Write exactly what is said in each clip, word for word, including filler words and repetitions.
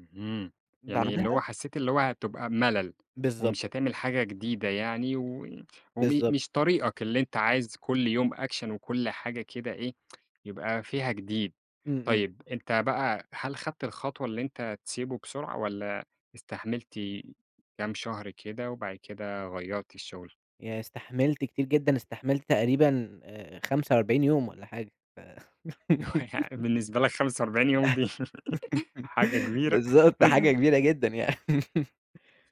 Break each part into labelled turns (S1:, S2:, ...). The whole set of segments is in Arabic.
S1: اهم، يعني اللي هو
S2: بعدها
S1: حسيت اللي هو هتبقى مَلل،
S2: بالضبط.
S1: ومش هتعمل حاجة جديدة يعني، وي وم
S2: بالضبط.
S1: مش طريقك اللي أنت عايز كل يوم Action وكل حاجة كده إيه يبقى فيها جديد،
S2: إمم، إمم.
S1: طيب أنت بقى، هل خدت الخطوة اللي أنت تسيبه بسرعة، والَّا استحملت كام شهر كده وبعد كده غيَّرت الشُغل؟
S2: يعني استحملت كتير جدًا، استحملت تقريبًا، آآ، خمسة وأربعين يوم والّا حاجة ف
S1: ويعني بالنسبة لك خمسة وأربعين يوم دي حاجة كبيرة
S2: بالضبط حاجة كبيرة جدًا يعني،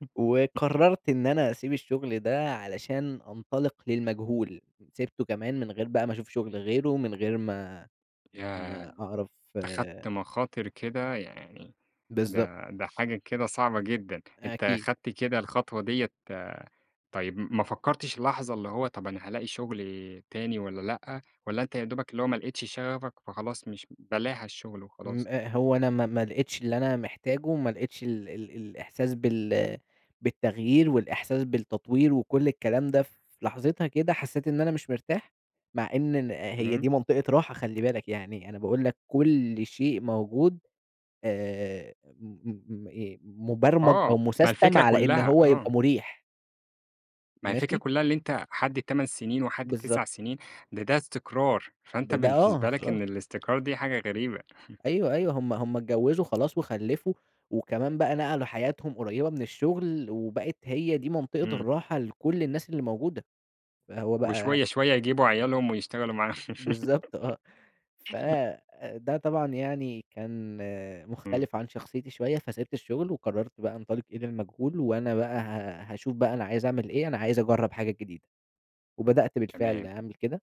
S2: وقررت إن أنا أسيب الشغل ده؛ علشان أنطلق للمجهول، سِبته كمان من غير بقى ما أشوف شغل غيره، من غير ما
S1: ياه!
S2: ما أعرف
S1: أخدت مخاطر كده يعني،
S2: بالضبط.
S1: ده ده حاجة كده صعبة جدًا! أنت
S2: أكيد.
S1: خدت كده الخطوة ديّة طيب م ما فكرتش لحظة اللي هو طَب أنا هالاقي شغل تاني والّا لأ، والّا أنت يا دوبك اللي هو ما لقيتش شغفك، فخلاص مش بلاها الشُغل
S2: إمم،
S1: وخلاص؟
S2: آآ، هو أنا ما ما لقيتش اللي أنا محتاجه، ما لقيتش ال ال الإحساس بال بالتغيير والإحساس بالتطوير وكل الكلام ده، في لحظتها كده حسيت إن أنا مش مرتاح مع إن ن هي
S1: تمام.
S2: دي منطقة راحة خلّي بالك يعني، أنا باقول لك كل شيء موجود، آآ، م م م إيه، مُبرمَج أو
S1: آه، ما
S2: مُسستَم
S1: الفكرة
S2: على إن
S1: كلها،
S2: هو
S1: آه.
S2: يبقى مُرِيح.
S1: ما هي الفكرة
S2: ماشي؟
S1: كلها اللي أنت حد تمن سنين وحد
S2: بالضبط.
S1: تسع سنين، ده ده استقرار، فأنت
S2: ده ده آه
S1: بالنسبة لك
S2: خلاص.
S1: إن الاستقرار دي حاجة غريبة
S2: أيوه، أيوه هُم هُم اتجوّزوا خلاص وخلّفوا، وكمان بقى نقلوا حياتهم قريبة من الشُغل وبقت هي دي منطقة
S1: إمم.
S2: الراحة لكل الناس اللي موجودة. فهو بقى
S1: وشوية شوية يجيبوا عيالهم ويشتغلوا معاهم
S2: بالضبط آه، ف ده طبعًا يعني كان
S1: إمم.
S2: مختلف عن شخصيتي شوية فسِبت الشُغل وقررت بقى أنطلق إلي المجهول وأنا بقى ه هاشوف بقى أنا عايز أعمل إيه، أنا عايز أجرّب حاجات جديدة. وبدأت بالفعل
S1: تمام.
S2: أعمل كده.